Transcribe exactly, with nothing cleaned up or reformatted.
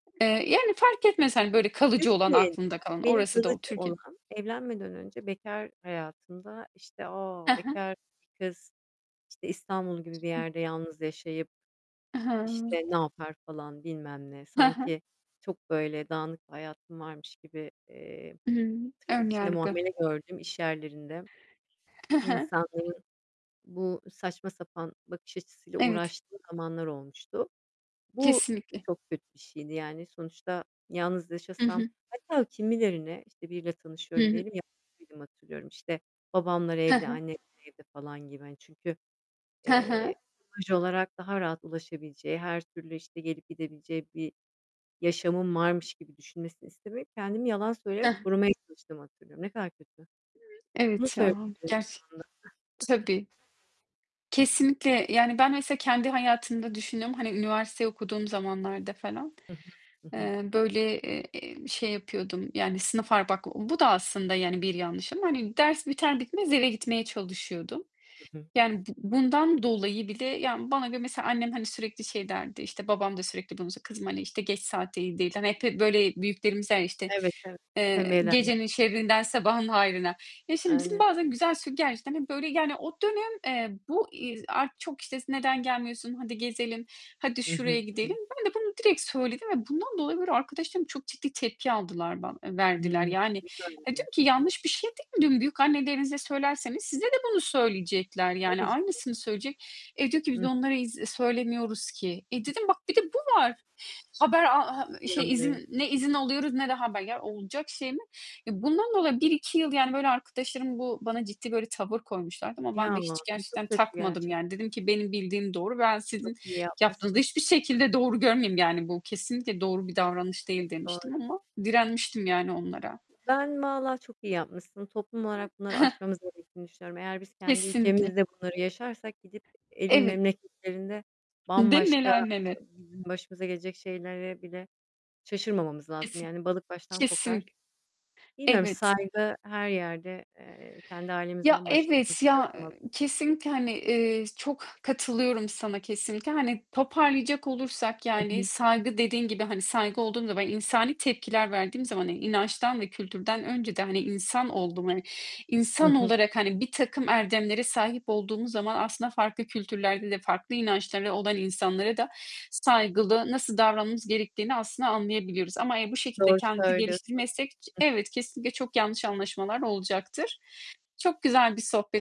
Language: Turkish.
Eee, yani, fark etmez, hani, böyle, kalıcı olan Türkiye'de aklında kalan. benim Orası da kalıcı o Türkiye olan, evlenmeden önce bekar hayatımda, işte, "A, He he. bekar bir kız, işte, İstanbul gibi bir Hıh. yerde yalnız yaşayıp, E he. ımm. işte, ne yapar?" falan bilmem ne. He he. Sanki çok böyle dağınık bir hayatım varmış gibi, eee, Imm, tırnak ön içinde yargı. "muamele" gördüğüm iş yerlerinde, Hı hı. insanların bu saçma sapan bakış açısıyla Evet. uğraştığım zamanlar olmuştu. Bu Kesinlikle. çok kötü bir şeydi. Yani, sonuçta yalnız Hı yaşasam hı. hatta kimilerine, işte, biriyle Hı tanışıyorum hı. diyelim, yalan söylediğimi hatırlıyorum. İşte, babamlar He evde, he. annemler evde falan gibi, hani, çünkü, He he. eee, imaj olarak daha rahat ulaşabileceği, her türlü, işte, gelip gidebileceği bir yaşamım varmış gibi düşünmesini istemeyip, kendimi yalan söyleyip Heh. korumaya çalıştığımı hatırlıyorum. Ne kadar kötü. Bunu Evet, ya söyleyebilirim şu anda. gerçek Tabii. Kesinlikle. Yani, ben mesela kendi hayatımda düşünüyorum, hani, üniversiteyi okuduğum zamanlarda falan. Hı hı. Hı hı. Eee, böyle, ııı, ııı, şey yapıyordum, yani, sınıf ar bak bu da aslında, yani, bir yanlış ama, hani, ders biter bitmez eve gitmeye çalışıyordum. Hı hı. Yani, b bundan dolayı bile Yani, bana göre mesela annem, hani, sürekli şey derdi, işte, babam da sürekli bunu sö "Kızım, hani, işte, geç saat iyi değil." hani, hep hep böyle büyüklerimiz der, işte, Evet, evet. eee, Tembihlerler. "Gecenin şerrinden sabahın hayrına." Ya, şimdi bizim Aynen. bazen güzel sö gerçekten, hani, böyle, yani, o dönem, eee, bu, iii, z ar çok, işte, s "Neden gelmiyorsun? Haydi gezelim. Haydi Hı şuraya hı. Hı gidelim." hı. Ben de bunu direkt söyledim ve bundan dolayı, böyle, arkadaşlarım çok ciddi tepki aldılar ban I verdiler. hı. Yani, ya, [unintelligible] diyorum ki "Yanlış bir şey değil ki bu." diyorum. Büyük annelerinize söylerseniz size de bunu söyleyecekler, yani, Tabii canım. aynısını söyleyecek. E, diyor ki I "Biz de hı. onlara iz söylemiyoruz ki." E, dedim "Bak bir de bu var." Haber ha ha Çok ııı, iyi şey, anlıyorum. izin, ne izin alıyoruz ne de haber. Ya, olacak şey mi? E, bundan dolayı bir iki yıl, yani, böyle, arkadaşlarım bu bana ciddi böyle tavır koymuşlardı ama Ya, ben de hiç ay, gerçekten çok kötü takmadım yani. gerçekten. Dedim ki "Benim bildiğim doğru, ben Çok sizin iyi yaptığınızı da yapmışsın. hiçbir şekilde doğru görmüyorum, yani bu kesinlikle doğru bir davranış Çok değil." demiştim doğru. ama direnmiştim, yani, onlara. Ben valla çok iyi yapmışsın. Toplum olarak bunları aşmamız gerektiğini düşünüyorum. Eğer biz kendi Kesinlikle. ülkemizde bunları yaşarsak, gidip e elin Evet. memleketlerinde Değil mi? bambaşka Neler nene. bizim başımıza gelecek şeylere bile şaşırmamamız lazım. Kesin. Yani, balık baştan kokar. Kesin. Bilmiyorum Evet. saygı her yerde, eee, kendi Ya, ailemizden başlayalım. Bir evet, şey ya, olmaz. ııı, kesinlikle, hani, ııı, çok katılıyorum sana kesinlikle. Hani, toparlayacak olursak, Hı hı. yani, saygı dediğin gibi, hani, saygı olduğumda ben insani tepkiler verdiğim zaman, hani, inançtan ve kültürden önce de, hani, insan oldum, hani, Hı insan hı. olarak, hani, birtakım erdemlere sahip olduğumuz zaman aslında farklı kültürlerde de farklı inançları olan insanlara da saygılı, nasıl davranmamız gerektiğini aslında anlayabiliyoruz. Ama, eee, bu şekilde Doğru kendimizi söylüyorsun. geliştirmezsek ç Hı hı. Evet, kesinlikle çok yanlış anlaşmalar olacaktır. Çok güzel bir sohbet.